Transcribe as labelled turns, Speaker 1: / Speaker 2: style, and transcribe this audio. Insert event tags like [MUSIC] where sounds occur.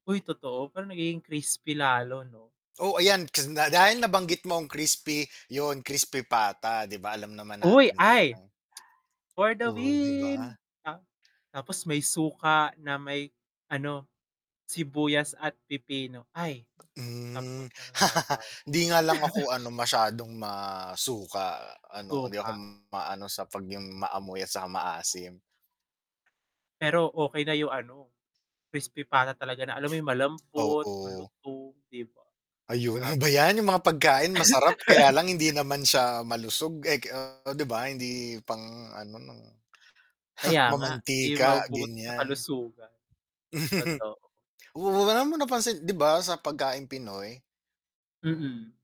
Speaker 1: Uy, totoo pero nagiging crispy lalo 'no?
Speaker 2: Oh ayan, k da dahil nabanggit mo ang crispy yun, crispy pata di ba alam naman
Speaker 1: Uy,
Speaker 2: natin
Speaker 1: ay!
Speaker 2: talagang
Speaker 1: For the
Speaker 2: Oh, 'di
Speaker 1: win!
Speaker 2: ba?
Speaker 1: Ta tapos may suka na may ano, sibuyas at pipino, ay tapos
Speaker 2: Hmm,
Speaker 1: ng
Speaker 2: [LAUGHS]
Speaker 1: laban.
Speaker 2: hindi nga lang ako
Speaker 1: [LAUGHS]
Speaker 2: ano masyadong masuka ano hindi ako
Speaker 1: Suka.
Speaker 2: maano sa 'pag yung maamoy at saka maasim.
Speaker 1: Pero okey na yung ano, crispy pata talaga na alam mo yung malambot
Speaker 2: Oo.
Speaker 1: malutong 'di ba?
Speaker 2: Ayun
Speaker 1: Sarap.
Speaker 2: ba yan, yung mga pagkain masarap kaya lang
Speaker 1: [LAUGHS]
Speaker 2: hindi naman siya malusog eh, ke 'di ba? Hindi pang ano,
Speaker 1: Kaya nga 'di
Speaker 2: mamantika,
Speaker 1: mabubuti sa
Speaker 2: ganyan.
Speaker 1: kalusugan.
Speaker 2: [CHUCKLES]
Speaker 1: Totoo.
Speaker 2: Oo, alam mo napansin, 'di ba? sa pagkaing Pinoy?
Speaker 1: Mm.